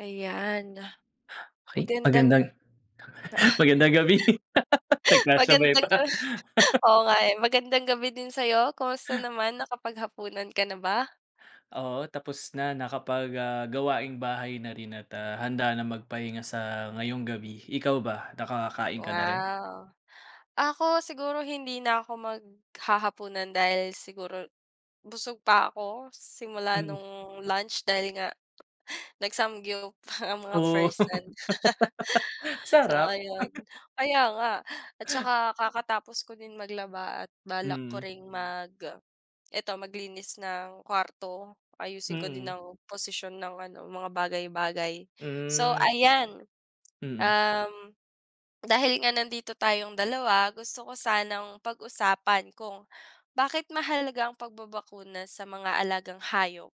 Ayan. Ay, Magandang magandang magandang gabi. Nagkasabay magandang ga pa. oo nga eh, magandang gabi din sa'yo, kamusta naman? Nakapaghapunan ka na ba? Oo, tapos na, nakapag ah, gawaing bahay na rin at, ah, handa na magpahinga sa ngayong gabi. Ikaw ba? Nakakakain ka na rin? Wow. Ako siguro hindi na ako maghahapunan, dahil siguro, busog pa ako, simula Mm. nung lunch dahil nga, nag samgyup ang mga Oh. person. So, Sarap. ayun. Kaya nga. At 'tsaka kakatapos ko din maglaba at balak ko Mm. ring mag eto maglinis ng kuwarto, ayusin ko din Mm. ng posisyon ng ano mga bagay-bagay. So, Hmm. ayan, Mm. um, dahil nga nandito tayong dalawa, gusto ko sanang pag-usapan kung bakit mahalaga ang pagbabakuna sa mga alagang hayop?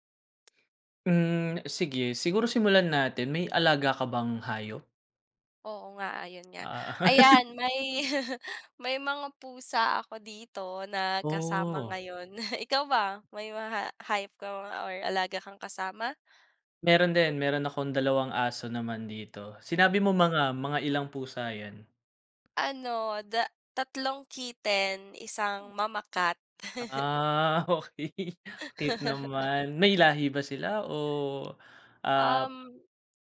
Hmm. Sige. Siguro simulan natin, may alaga ka bang hayop? Oo nga, ayun nga. Ah. Ayan may, may mga pusa ako dito na kasama Oh. ngayon. Ikaw ba? May mga hayop ka or alaga kang kasama? Meron din, meron akong dalawang aso naman dito. Sinabi mo mga mga ilang pusa 'yan? Ano da tatlong kitten, isang mama cat. Ah, okey. Cute naman. May lahi ba sila, o, ah, Um,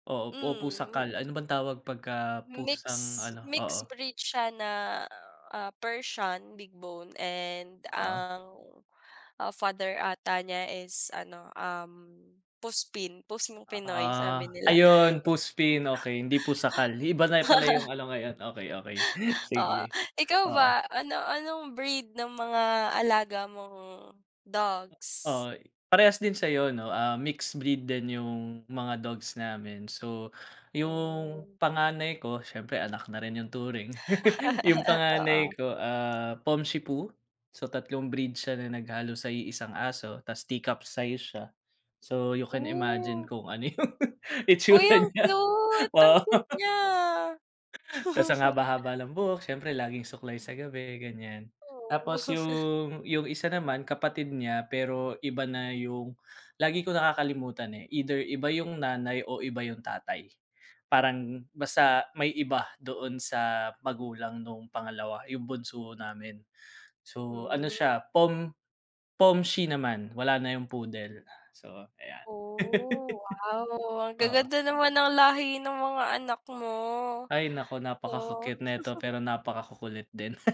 oo, o mm. pusakal? Ano bang tawag 'pagka pusang Mix ano? Oo. mix breed siya na, ah, Persian big bone and Oo. ang, ah, father ata niya is ano, um, Puspin, pusang Pinoy sabi Ah. nila. Ayun, Puspin, okey. Hindi pusakal. Iba na pala yung ano ngayon, okey, okey, Oo. sige, Ikaw oo. ba? Ano-anong breed ng mga alaga mong dogs? Oo. Parehas din sa'yo 'no. Ah, mixed breed din yung mga dogs namin. So, yung Mm. panganay ko, siyempre anak na rin yung turing, yung panganay Oo. ko, ah, Pomshipu. So, tatlong breed siya na naghalo sa iisang aso. 'Tas tea cup size siya. So, you can imagine Oh. kung ano yung Uy, itsura ang niya. cute. Ang Oo. cute niya. 'Tas ang haba-haba ng buhok, siyempre laging suklay sa gabi, ganyan. Oo. Tapos yung yung isa naman kapatid niya, pero iba na yung, lagi kong nakakalimutan, eh, either iba yung nanay o iba yung tatay, parang basta, may iba doon sa magulang noong pangalawa, yung bunso namin. So, ano Hmm. siya Pom Pomshi naman wala na yung Poodle. So, ayan. Oh, wow. Ang Oo. ga-ganda naman ng lahi ng mga anak mo. Ay naku, napaka Oh. ku-cute neto, pero napaka ku-kulit din.